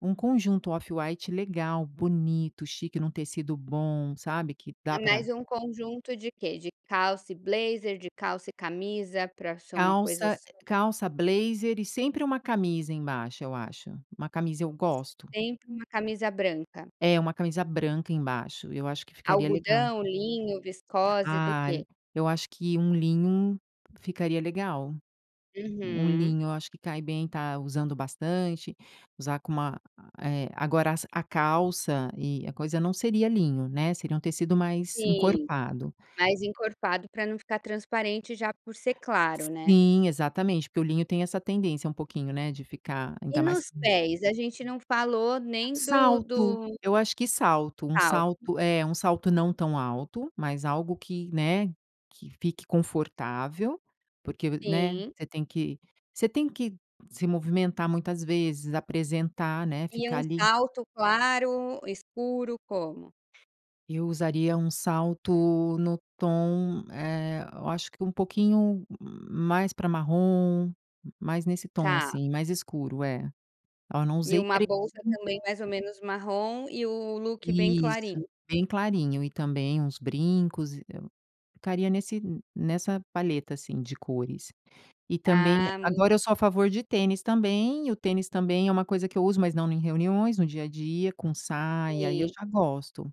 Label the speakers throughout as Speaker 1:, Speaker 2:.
Speaker 1: Um conjunto off-white legal, bonito, chique em um tecido bom, sabe, que
Speaker 2: É,
Speaker 1: dá
Speaker 2: mais
Speaker 1: para
Speaker 2: um conjunto de quê? De calça e blazer, de calça e camisa para ser uma coisa
Speaker 1: Calça
Speaker 2: assim?
Speaker 1: calça blazer e sempre uma camisa embaixo eu acho. Uma camisa eu gosto.
Speaker 2: Sempre uma camisa branca?
Speaker 1: É, uma camisa branca embaixo. Eu acho que ficaria legal.
Speaker 2: Algodão, linho, viscose, do
Speaker 1: Ah,
Speaker 2: quê?
Speaker 1: eu acho que um linho ficaria legal. Um
Speaker 2: Uhum.
Speaker 1: linho eu acho que cai bem, está usando bastante. Usar com uma, eh agora es a calça e a coisa não seria linho, né, seria um tecido mais
Speaker 2: Sim,
Speaker 1: encorpado.
Speaker 2: mais encorpado para não ficar transparente já por ser claro, né.
Speaker 1: Sim, exatamente, porque o linho tem essa tendência um pouquinho, né, de ficar
Speaker 2: E
Speaker 1: ainda mais
Speaker 2: nos
Speaker 1: Hum?
Speaker 2: pés, a gente não falou nem do
Speaker 1: Salto,
Speaker 2: do
Speaker 1: eu acho que salto. Um
Speaker 2: Salto.
Speaker 1: salto É, um salto não tão alto, mas algo que, né, que fique confortável, porque, né,
Speaker 2: Sim.
Speaker 1: você tem que você tem que se movimentar muitas vezes, apresentar, né,
Speaker 2: E
Speaker 1: ficar
Speaker 2: um
Speaker 1: ali.
Speaker 2: salto claro, escuro, como?
Speaker 1: Eu usaria um salto no tom, eh, eu acho que um pouquinho mais para marrom, mais nesse tom
Speaker 2: Tá.
Speaker 1: assim, mais escuro. É. Oh, não
Speaker 2: E
Speaker 1: usei
Speaker 2: uma
Speaker 1: pre
Speaker 2: bolsa
Speaker 1: [unintelligible]
Speaker 2: também mais ou menos marrom, e o look bem
Speaker 1: Isso.
Speaker 2: clarinho?
Speaker 1: Bem clarinho e também uns brincos ficaria nesse n nessa palheta assim de cores. E também
Speaker 2: Ah, m
Speaker 1: agora eu sou a favor de tênis também, e o tênis também é uma coisa que eu uso, mas não em reuniões, no dia a dia, com saia e aí eu
Speaker 2: Sim.
Speaker 1: já gosto,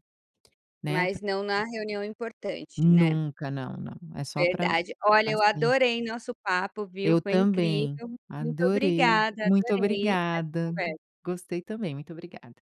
Speaker 1: né,
Speaker 2: Mas
Speaker 1: para
Speaker 2: não na reunião importante, né?
Speaker 1: Nunca, não, não. É só para
Speaker 2: Verdade, olha, eu
Speaker 1: sair.
Speaker 2: adorei nosso papo, viu,
Speaker 1: Eu
Speaker 2: foi
Speaker 1: também.
Speaker 2: incrível, muito
Speaker 1: Adorei.
Speaker 2: obrigada,
Speaker 1: Muito
Speaker 2: adorei essa
Speaker 1: obrigada.
Speaker 2: conversa.
Speaker 1: Gostei também, muito obrigada.